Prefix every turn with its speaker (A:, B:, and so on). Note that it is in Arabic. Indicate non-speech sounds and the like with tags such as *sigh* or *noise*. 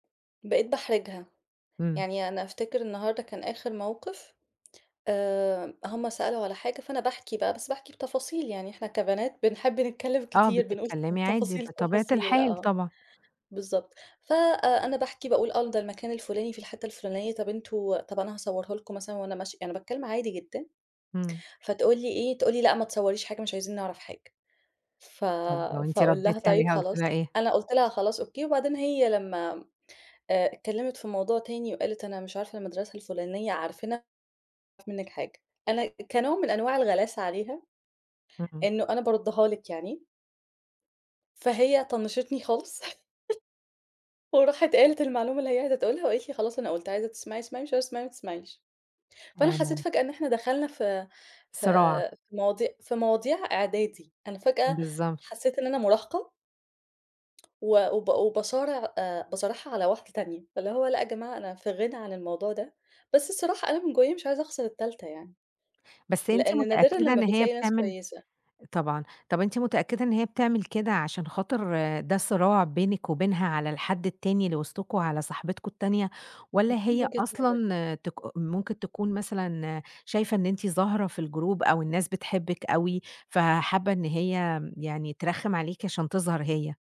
A: بقيت باحرجها.
B: امم.
A: يعني أنا أفتكر النهاردة كان آخر موقف، آآ، هُم سألوا على حاجة، فأنا باحكي بقى بس باحكي بتفاصيل، يعني إحنا كبنات بنحب نتكلم
B: آه،
A: كتير، بنقول
B: بتتكلمي عادي،
A: تفاصيل
B: بطبيعة
A: التفاصيل
B: الحال
A: آه،
B: طبعًا.
A: بالضبط، فأنا آآ، باحكي باقول آه ده المكان الفُلاني في الحتة الفُلانية طَب أنتم طَب أنا هاصورها لكم مثلًا وأنا ماشية، يعني أنا باتكلم عادي جدًا،
B: امم.
A: فتقول لي إيه، تقول لي: "لأ ما تصوريش حاجة، مش عايزين نعرف حاجة." ف
B: طَب وأنتِ
A: فأقول لها:
B: رديتِ
A: "طيب
B: عليها قُلتِ
A: خلاص."
B: لها إيه؟
A: أنا قُلت لها خلاص أوكي، وبعدين هي لما آآ، اتكلمت في موضوع تاني وقالت أنا مش عارفة المدرسة الفُلانية عارفينها؟ "مش عايزين نعرف منِك حاجة." أنا كنوع من أنواع الغلاسة عليها،
B: امم، امم.
A: إنه أنا باردها لِك يعني. فهي طنشتني خالص، *laughs* وراحت قالت المعلومة اللي هي عايزة تقولها وقالت لي: "خلاص، أنا قلت، عايزة تسمعي اسمعي، مش عايزه تسمعي ما تسمعيش." فأنا حسيت
B: أنا
A: فجأة إن إحنا دخلنا في في
B: صراع.
A: في مواضي في مواضيع إعدادي، أنا فجأة
B: بالضبط.
A: حسيت إن أنا مراهقة و وب وباصارع آآ، باصارعها على واحدة تانية، فاللي هو لأ يا جماعة أنا في غنى عن الموضوع ده، بس الصراحة أنا من جوايا مش عايزة أخسر التالتة يعني،
B: بس أنتِ
A: لإن نادرًا
B: متأكدة
A: لما
B: إن هي
A: بتلاقي ناس
B: بتعمل
A: كويسة.
B: طبعًا، طَب أنتِ متأكدة إن هي بتعمل كده عشان خاطر ده صراع بينك وبينها على الحد التاني اللي وسطكم، على صاحبتكم التانية، والّا
A: *unintelligible* من
B: هي
A: وجهة نظري.
B: أصلًا تك ممكن تكون مثلًا شايفة إن أنتِ ظاهرة في الجروب أو الناس بتحبِك أوي، فحابة إن هي يعني ترخم عليكِ عشان تظهر هي؟